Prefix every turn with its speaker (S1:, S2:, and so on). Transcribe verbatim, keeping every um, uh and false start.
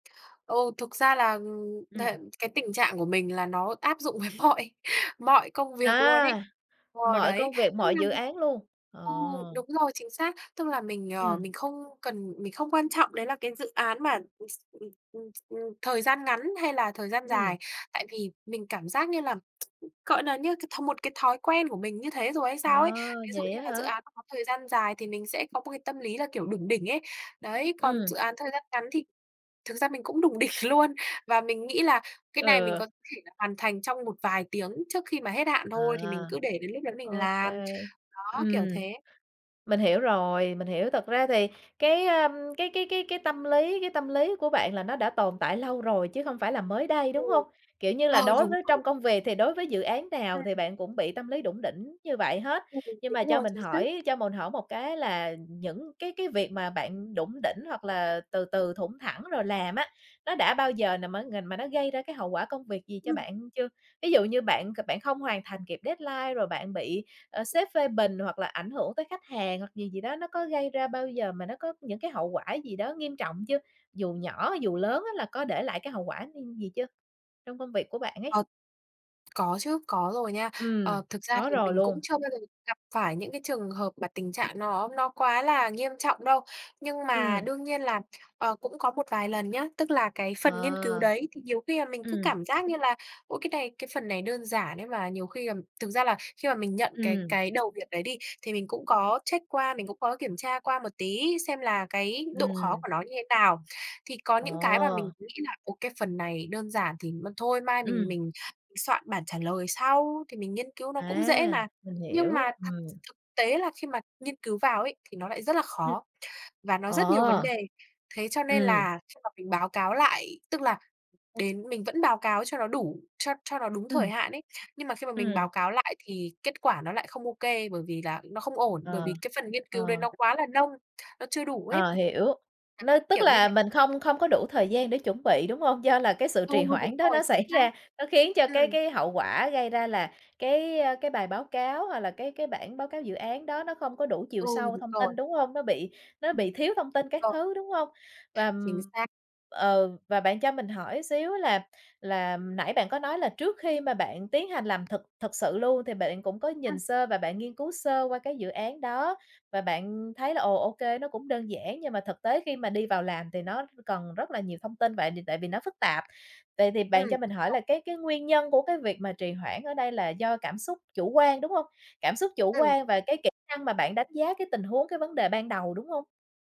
S1: Ừ, thực ra là, ừm, thể
S2: Ừm.
S1: cái tình trạng của mình là nó áp dụng với mọi mọi công việc luôn ấy,
S2: À!
S1: ờ,
S2: Mọi
S1: đấy.
S2: công việc, mọi dự
S1: [unintelligible]
S2: án luôn, ờ.
S1: Ừ, đúng rồi, chính xác. Tức là mình, ờ,
S2: Ừm.
S1: mình không cần mình không quan trọng đấy là cái dự án mà, ừm, s ừm, ừm, ừm, thời gian ngắn hay là thời gian
S2: Ừm.
S1: dài. Tại vì mình cảm giác như là, gọi nà, như cái th một cái thói quen của mình như thế rồi hay
S2: À,
S1: sao ấy. Ví dụ
S2: vậy
S1: như
S2: á
S1: là dự
S2: hả?
S1: án nó có thời gian dài thì mình sẽ có một cái tâm lý là, kiểu, đủng đỉnh ấy. Đấy, còn
S2: Ừm.
S1: dự án thời gian ngắn thì thực ra mình cũng đủng đỉnh luôn và mình nghĩ là cái này mình
S2: Ừ.
S1: có thể là hoàn thành trong một vài tiếng trước khi mà hết hạn
S2: À.
S1: thôi thì mình cứ để đến lúc đó mình
S2: Ô
S1: làm.
S2: kê,
S1: Đó, kiểu
S2: ừm.
S1: thế.
S2: Mình hiểu rồi, mình hiểu, thật ra thì cái, ờm, cái cái cái cái tâm lý cái tâm lý của bạn là nó đã tồn tại lâu rồi chứ không phải là mới đây,
S1: Ừ.
S2: đúng hông? Kiểu như là,
S1: Ờ,
S2: đối
S1: đúng
S2: với
S1: rồi.
S2: trong công việc thì đối với dự án nào thì
S1: Ừm.
S2: bạn cũng bị tâm lý đủng đỉnh như vậy hết.
S1: Ừm,
S2: Nhưng mà
S1: đúng
S2: cho
S1: rồi,
S2: mình
S1: chính xác.
S2: hỏi, cho mồn hỏi một cái là những cái cái việc mà bạn đủng đỉnh hoặc là từ từ, thủng thẳng rồi làm á, nó đã bao giờ nà má ng mà nó gây ra cái hậu quả công việc gì cho
S1: Ừm.
S2: bạn chưa? Ví dụ như bạn c bạn không hoàn thành kịp deadline rồi bạn bị, ờ, sếp phê bình hoặc là ảnh hưởng tới khách hàng hoặc gì gì đó, nó có gây ra bao giờ mà nó có những cái hậu quả gì đó nghiêm trọng chưa? Dù nhỏ, dù lớn á là có để lại cái hậu quả [unintelligible] gì chưa, trong công việc của bạn ấy?
S1: Ờ. Có chứ, có rồi nha. Ờ,
S2: Ừm,
S1: thực ra
S2: có
S1: thì
S2: rồi
S1: mình cũng
S2: luôn.
S1: chưa bao giờ gặp phải những cái trường hợp mà tình trạng nó nó quá là nghiêm trọng đâu. Nhưng mà
S2: Ừm.
S1: đương nhiên là, ờ, cũng có một vài lần nhá, tức là cái phần nghiên cứu
S2: À.
S1: đấy, thì nhiều khi là mình cứ
S2: Ừm.
S1: cảm giác như là ôi, cái này, cái phần này đơn giản ấy mà nhiều khi ừm, thực ra là khi mà mình nhận cái
S2: Ừm.
S1: cái đầu việc đấy đi thì mình cũng có check qua, mình cũng có kiểm tra qua một tí xem là cái độ khó
S2: Ừm.
S1: của nó như thế nào. Thì có những cái mà mình
S2: Ồ!
S1: nghĩ nà "Ô, cái phần này đơn giản thì m thôi mai mình
S2: Ừm.
S1: mình soạn bản trả lời sau, thì mình nghiên cứu nó cũng dễ
S2: À!
S1: mà."
S2: Mình
S1: Nhưng
S2: hiểu,
S1: mà thật
S2: ừm.
S1: thực tế là khi mà nghiên cứu vào ấy thì nó lại rất là
S2: Ừm.
S1: khó và nó rất nhiều vấn
S2: Ờ!
S1: đề. Thế cho nên
S2: Ừm.
S1: là khi mà mình báo cáo lại, tức là đến mình vẫn báo cáo cho nó đủ, cho cho nó đúng thời
S2: Ừm.
S1: hạn ấy. Nhưng mà khi mà mình báo
S2: Ừm.
S1: cáo lại thì kết quả nó lại không ô kê bởi vì là nó không ổn, bởi
S2: Ờ.
S1: vì cái phần nghiên cứu đấy
S2: Ờ.
S1: nó quá là nông, nó chưa đủ ấy.
S2: Ờ, hiểu.
S1: Đấy,
S2: Nó tức
S1: kiểu như thế.
S2: là mình không không có đủ thời gian để chuẩn bị, đúng hông? Do là cái sự
S1: Ừ,
S2: trì
S1: đúng
S2: hoãn đó
S1: rồi,
S2: nó
S1: chính
S2: xảy
S1: xác.
S2: ra, nó khiến cho cái
S1: Ừm.
S2: cái hậu quả gây ra là cái, ơ, cái bài báo cáo hoặc là cái cái bản báo cáo dự án đó nó không có đủ chiều
S1: Ừ,
S2: sâu
S1: đúng
S2: thông
S1: rồi.
S2: tin, đúng hông? Nó bị nó
S1: Ừm,
S2: bị thiếu thông
S1: đúng
S2: tin các
S1: rồi.
S2: thứ, đúng hông? Và,
S1: Chính
S2: ừm,
S1: xác.
S2: ừ, và bạn cho mình hỏi xíu á là là, ừm, nãy bạn có nói là trước khi mà bạn tiến hành làm thực thực sự luôn thì bạn cũng có nhìn
S1: Ừm.
S2: sơ và bạn nghiên cứu sơ qua cái dự án đó. Và bạn thấy là ồ, ô kê, nó cũng đơn giản nhưng mà thực tế khi mà đi vào làm thì nó cần rất là nhiều thông tin vậy đ tại vì nó phức tạp. Vậy thì bạn cho
S1: Ừm
S2: mình hỏi là
S1: [unintelligible]
S2: cái cái nguyên nhân của cái việc mà trì hoãn ở đây là do cảm xúc chủ quan, đúng hông? Cảm xúc chủ
S1: Ừm.
S2: quan và cái kỹ năng mà bạn đánh giá cái tình huống, cái vấn đề ban đầu, đúng hông?